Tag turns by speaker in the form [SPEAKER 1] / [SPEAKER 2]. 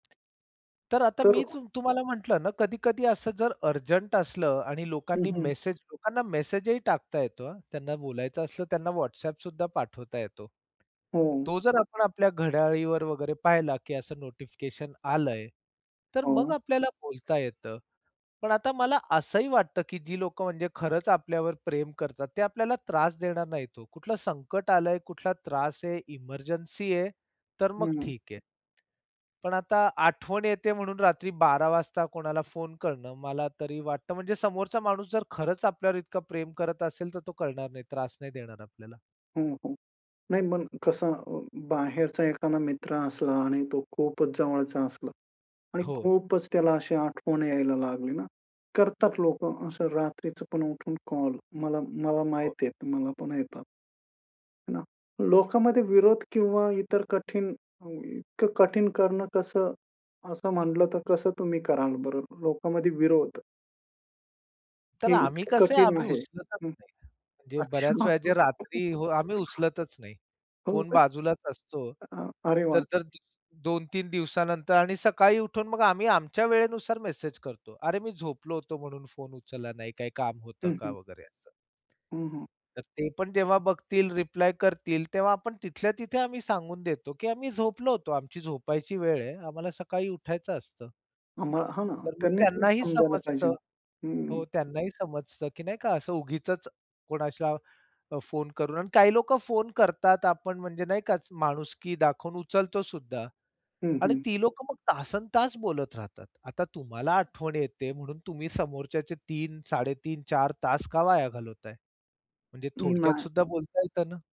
[SPEAKER 1] तर आता
[SPEAKER 2] तर अ
[SPEAKER 1] मीच अ, तुम्हाला म्हटलं ना कधी-कधी असं जर अर्जंट असलं आणि
[SPEAKER 2] हं,
[SPEAKER 1] लोकांनी
[SPEAKER 2] हं.
[SPEAKER 1] मेसेज लोकांना मेसेजही टाकता येतो, हां. त्यांना बोलायचं असलं त्यांना WhatsAppसुद्धा पाठवता येतो.
[SPEAKER 2] हां.
[SPEAKER 1] तो जर आपण आपल्या घड्याळीवर वगैरे पाहिला, की असं नोटिफिकेशन आलंय, तर मग
[SPEAKER 2] हां.
[SPEAKER 1] आपल्याला बोलता येतं, पण आता मला असंही वाटतं, की जी लोकं म्हणजे खरंच आपल्यावर प्रेम करतात, ते आपल्याला त्रास देणार नाहीत हो. कुठलं संकट आलंय, कुठला त्रास आहे, एमर्जन्सी आहे, तर मग
[SPEAKER 2] हं.
[SPEAKER 1] ठीक आहे. पण आता आठवण येते म्हणून रात्री 12.00 वाजता कोणाला फोन करणं, मला तरी वाटतं म्हणजे समोरचा माणूस जर खरंच आपल्यावर इतकं प्रेम करत असेल, तर तो करणार नाही, त्रास नाही देणार आपल्याला.
[SPEAKER 2] हां, हां. नाही मग कसं अ, बाहेरचा एखादा मित्र असला आणि तो खूपच जवळचा असला आणि
[SPEAKER 1] हो.
[SPEAKER 2] खूपच त्याला अशी आठवण यायला लागली ना, करतात लोकं असं रात्रीचं पण उठून कॉल मला मला
[SPEAKER 1] हो.
[SPEAKER 2] माहितीये, मला पण येतात. ना, लोकामध्ये विरोध किंवा इतर कठीण अ, इतकं कठीण करणं कसं? असं म्हटलं तर कसं तुम्ही कराल बरं? लोकामध्ये विरोध
[SPEAKER 1] तर
[SPEAKER 2] हे
[SPEAKER 1] आम्ही
[SPEAKER 2] इतकं
[SPEAKER 1] कसंय
[SPEAKER 2] कठीण
[SPEAKER 1] आम्ही
[SPEAKER 2] आहे.
[SPEAKER 1] उचलतच
[SPEAKER 2] हं.
[SPEAKER 1] नाही. म्हणजे बऱ्याच
[SPEAKER 2] अच्छा.
[SPEAKER 1] वेळा जे रात्री हो आम्ही उचलतच नाही.
[SPEAKER 2] हो
[SPEAKER 1] फोन
[SPEAKER 2] काय?
[SPEAKER 1] बाजूलाच असतो.
[SPEAKER 2] हां. अरे वाह!
[SPEAKER 1] तर-तर 2-3 दिवसानंतर आणि सकाळी उठून मग आम्ही आमच्या वेळेनुसार मेसेज करतो. अरे! मी झोपलो होतो म्हणून फोन उचलला नाही, काही काम होतं
[SPEAKER 2] हं,
[SPEAKER 1] का?
[SPEAKER 2] हं.
[SPEAKER 1] वगैरे असं.
[SPEAKER 2] हं, हं.
[SPEAKER 1] तर ते पण जेव्हा बघतील रिप्लाय करतील, तेव्हा आपण तिथल्या-तिथे आम्ही सांगून देतो, की आम्ही झोपलो होतो. आमची झोपायची वेळ आहे. आम्हाला सकाळी उठायचं असतं.
[SPEAKER 2] आम्हाला हां ना.
[SPEAKER 1] तर मग
[SPEAKER 2] त्यांनी पण
[SPEAKER 1] त्यांनाही
[SPEAKER 2] समजायला पाहिजेन.
[SPEAKER 1] समजतं
[SPEAKER 2] हं.
[SPEAKER 1] हो. त्यांनाही समजतं, की नाही का असं उगीचच कोणासला फोन करून आणि काही लोकं फोन करतात आपण म्हणजे नाही का माणुसकी दाखवून उचलतो सुद्धा
[SPEAKER 2] हं,
[SPEAKER 1] आणि
[SPEAKER 2] हं.
[SPEAKER 1] ती लोकं मग तासन तास बोलत राहतात. आता तुम्हाला आठवण येते म्हणून तुम्ही समोरच्याचे 3 साडेतीन 4 तास का वाया घालवताय? म्हणजे
[SPEAKER 2] अ, नाही.
[SPEAKER 1] थोडक्यातसुद्धा बोलता येतं ना?